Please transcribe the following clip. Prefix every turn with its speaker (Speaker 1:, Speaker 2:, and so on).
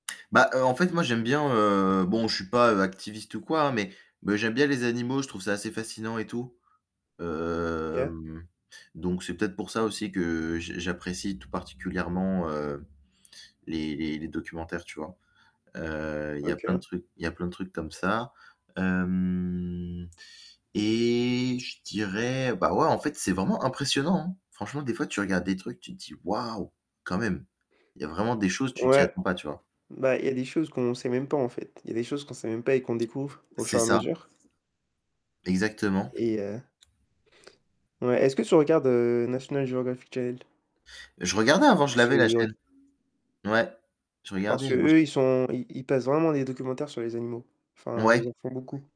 Speaker 1: Bah heu, en fait, moi j'aime bien, heu, bon je suis pas, heu, activiste ou quoi, hein, mais mais j'aime bien les animaux, je trouve ça assez fascinant et tout.
Speaker 2: OK.
Speaker 1: Hem, donc c'est peut-être pour ça aussi que j j'apprécie tout particulièrement, heu, les les les documentaires, tu vois? Heu, il y a plein de
Speaker 2: OK.
Speaker 1: trucs il y a plein de trucs comme ça. Hem. Et je dirais, bah, ouais, en fait c'est vraiment impressionnant, hein. Franchement, des fois tu regardes des trucs, tu te dis: «Waouh, quand même!» il y a vraiment des choses, tu t'y
Speaker 2: Ouais,
Speaker 1: attends pas tu vois?
Speaker 2: bah, il y a des choses qu'on sait même pas, en fait. Il y a des choses qu'on sait même pas, et qu'on découvre au
Speaker 1: C'est
Speaker 2: fur et à
Speaker 1: ça.
Speaker 2: mesure.
Speaker 1: Exactement.
Speaker 2: Et heu Ouais, est-ce que tu regardes, heu, National Geographic Channel?
Speaker 1: Je regardais, avant, je l'avais, la chaîne.
Speaker 2: [unintelligible]
Speaker 1: Ouais, je
Speaker 2: Parce
Speaker 1: regardais.
Speaker 2: qu'eux,
Speaker 1: [unintelligible]
Speaker 2: ils sont ils ils passent vraiment des documentaires sur les animaux. Enfin, ils
Speaker 1: Ouais.
Speaker 2: en font beaucoup.